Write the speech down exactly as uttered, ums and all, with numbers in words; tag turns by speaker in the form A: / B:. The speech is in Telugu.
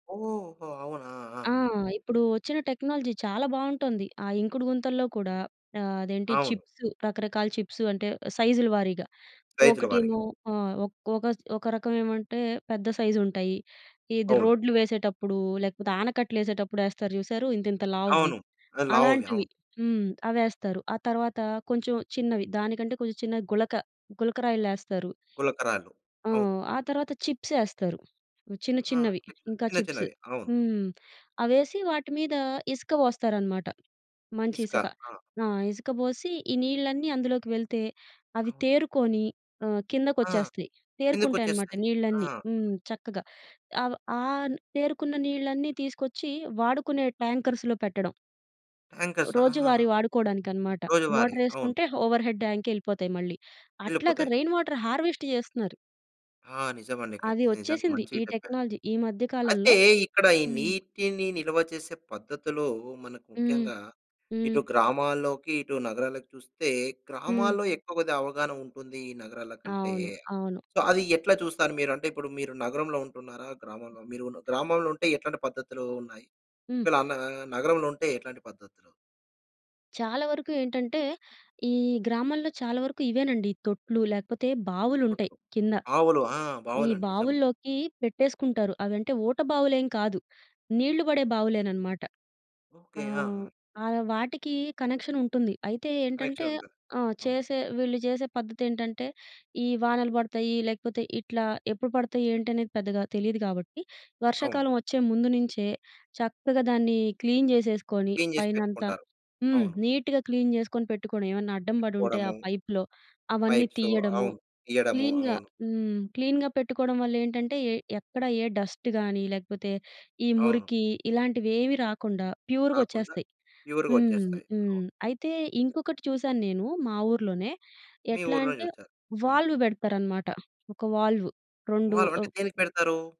A: ఓహో! అవునా?
B: ఆ!
A: ఆ!
B: ఇప్పుడూ ఒచ్చిన టెక్నాలజీ చాలా బావుంటోంది. ఆ ఇంకుడు గుంతల్లో కూడా ఆహ్, అదేంటి,
A: అవును.
B: చిప్స్ రకరకాల చిప్స్. అంటే, సైజులు వారీగా.
A: రైతుల వారిగా.
B: ఒకటేమో ఆ! ఒక్ ఒకస్ ఒక రకవేమంటే, పెద్ద సైజుంటాయి. ఇది
A: అవును.
B: రోడ్లు వేసేటప్పుడూ, లేకపోతే ఆనకట్టలేసేటప్పుడు యేస్తారు చూశారూ ఇంతింత లావువి.
A: అవును. అది లావువి.
B: అలాంటివి.
A: అవును.
B: హ్మ్. అవేస్తారు. ఆ తర్వాతా కొంచం చిన్నవి. దానికంటే, కొంచుం చిన్న గులక, గులకరాయిల్లేస్తారు.
A: గులకరాళ్ళు.
B: ఆ!
A: అవును.
B: ఆ తర్వాత చిప్సేస్తారు. చిన్న
A: ఆ!
B: చిన్నవి.
A: చిప్స్,
B: ఇంకా
A: చిన్న
B: చిప్స్.
A: చిన్నవి. అవును.
B: హ్మ్, అవేసి వాటి మీదా ఇసక పోస్తారనమాట,
A: ఇసుక.
B: మంచిసక.
A: ఆ!
B: ఆ! ఇసక బోసి, ఈ నీళ్ళన్నీ అందులోకి వెళ్తే, అవి
A: అవును.
B: తేరుకోని ఆహ్,
A: ఆ!
B: కిందకొచ్చేస్తాయి. తేరుకుంటాయనమాట
A: కిందకొచ్చేస్తాయి. ఆ!
B: నీళ్ళన్నీ. హ్మ్. చక్కగా. అవ ఆన్ తేరుకున్న నీళ్ళన్నీ తీసుకొచ్చి వాడుకునే ట్యాంకర్స్‌లో పెట్టడం.
A: టాంకర్స్. ఆహహా!
B: రోజూవారీ వాడుకోడానికనమాట.
A: రోజువారీ. అవును.
B: మోటరేసుకుంటే, ఓవర్‌హెడ్ ట్యాంకెళ్ళిపోతాయి మళ్ళీ. అట్లాగ
A: వెళ్ళిపోతాయి.
B: రెయిన్ వాటర్ హార్వెస్ట్ చేస్తున్నారు.
A: ఆ! నిజమండి.
B: అది
A: ఖచ్చితంగా. నిజంగా
B: వచ్చేసింది,
A: మంచిగ
B: ఈ
A: చెప్పారు.
B: టెక్నాలజీ ఈ మధ్య
A: అయితే,
B: కాలంలో.
A: ఇక్కడ ఈ
B: హ్మ్.
A: నీటిని నిల్వ చేసే పద్ధతిలో మనకు
B: హ్మ్.
A: ముఖ్యంగా,
B: హ్మ్.
A: ఇటు గ్రామాల్లోకి, ఇటు నగరాలకి చూస్తే,
B: హ్మ్.
A: గ్రామాల్లో ఎక్కువ కొద్దిగావగాహనుంటుందీ ఈ నగరాలకంటే.
B: అవును. అవును.
A: సో, అది ఎట్లా చూస్తారు మీరు? అంటే, ఇప్పుడు మీరు నగరంలో ఉంటున్నారా, గ్రామంలో? మీరు ఉన్ గ్రామంలుంటే, ఎట్లాంటి పద్ధతులూ ఉన్నాయి?
B: హ్మ్.
A: ఒకవేళ అన్న్ నగరంలో ఉంటే ఎట్లాంటి పద్ధతులు?
B: చాలా వరకు ఏంటంటే, ఈ గ్రామాల్లో చాలా వరకు ఇవేనండి. ఈ తొట్లు, లేకపోతే బావులుంటయి
A: అప్పట్లో
B: కింద.
A: ఆవులు. ఆ!
B: ఈ
A: బావులండి నిజం.
B: బావుల్లోకీ పెట్టేసుకుంటారు. అవంటే ఊట బావులేం కాదు. నీళ్ళు బడే బావులేననమాట.
A: ఓకే. ఆ!
B: ఆహ్,
A: ఆ!
B: ఆహ్, వాటికీ కనెక్షనుంటుంది. అయితే ఏంటంటే
A: కనెక్షనుంటది,
B: ఆ!
A: అవును.
B: చేసే వీళ్ళు జేసే పద్ధతేంటంటే, ఈ వానలు పడతాయ్యీ, లేకపోతే ఇట్లా ఎప్పుడు పడతయి, ఏంటి అనేది పెద్దగా తెలీదు గాబట్టి,
A: అవును.
B: వర్షాకాలవొచ్చే ముందు నించే, చక్కగా దాన్ని క్లీన్ జేసేసుకోని
A: క్లీన్ జేసి
B: పైనంత.
A: పెట్టుకుంటారు.
B: హ్మ్.
A: అవును.
B: నీట్‌గా క్లీన్ జేసుకొని పెట్టుకొని, ఏవన్నా అడ్డం బడుంటే ఆ
A: పెట్టుకోడము.
B: పైప్‌లో అవన్నీ
A: పైప్సో.
B: తియ్యడము.
A: అవును. ఇయ్యడము.
B: క్లీన్‌గా
A: అవును.
B: హ్మ్. క్లీన్‌గా పెట్టుకోడం వల్లేంటంటే, ఎ ఎక్కడ ఏ డస్ట్ గానీ, లేకపోతే ఈ
A: అవును.
B: మురికీ, ఇలాంటివేవీ రాకుండా
A: రాకుండా
B: ప్యూరుగొచ్చేస్తాయి. హ్మ్.
A: ప్యూరుగొచ్చేస్తాయి.
B: హ్మ్.
A: అవును.
B: అయితే, ఇంకొకటి చూశాను నేను మా ఊర్లోనే.
A: మీ
B: ఎట్లా
A: ఊర్లోనే
B: అంటే,
A: జూషారు. హ్మ్.
B: వాల్వ్ బెడతారనమాట. ఒక వాల్వ్. రొండు
A: వాల్వ్. అంటే
B: ఆహ్
A: దేనికి పెడతారూ?